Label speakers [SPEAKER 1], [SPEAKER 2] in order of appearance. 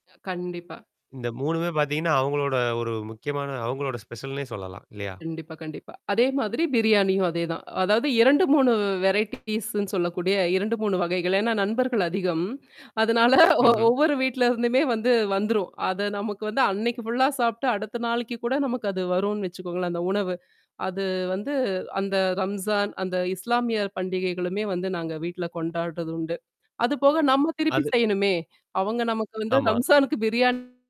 [SPEAKER 1] கண்டிப்பா.
[SPEAKER 2] இந்த 3 மே பாத்தீங்கன்னா, அவுங்களோட ஒரு முக்கியமான அவுங்களோட ஸ்பெஷல்ன்னே, சொல்லலாம் இல்லயா!
[SPEAKER 1] கண்டிப்பா, கண்டிப்பா. அதேமாதிரி பிரியாணியும் அதேதான். அதாவது 2 3 வெரைட்டி பீஸ்ன்னு சொல்லக்கூடிய 2 3 வகைகள். ஏன்னா நண்பர்கள் அதிகம். அதனால ஒ
[SPEAKER 2] ம்ஹ்ம்.
[SPEAKER 1] ஒவ்வொரு வீட்ல இருந்துமே வந்து வந்துரும். அத நமக்கு வந்து அன்னக்கி ஃபுல்லா சாப்பிட்டு அடுத்த நாளைக்கு கூட நமக்கு அது வரும் வச்சுக்கோங்களேன் அந்த உணவு. அது வந்து அந்த ரம்ஜான், அந்த இஸ்லாமியர் பண்டிகைகளுமே வந்து நாங்க வீட்ல கொண்டாடுறது உண்டு. அதுபோக நம்ம திருப்பி
[SPEAKER 2] அது.
[SPEAKER 1] செய்யணுமே. அவுங்க நமக்கு வந்து
[SPEAKER 2] ஆமா.
[SPEAKER 1] ரம்ஸானுக்கு பிரியாணி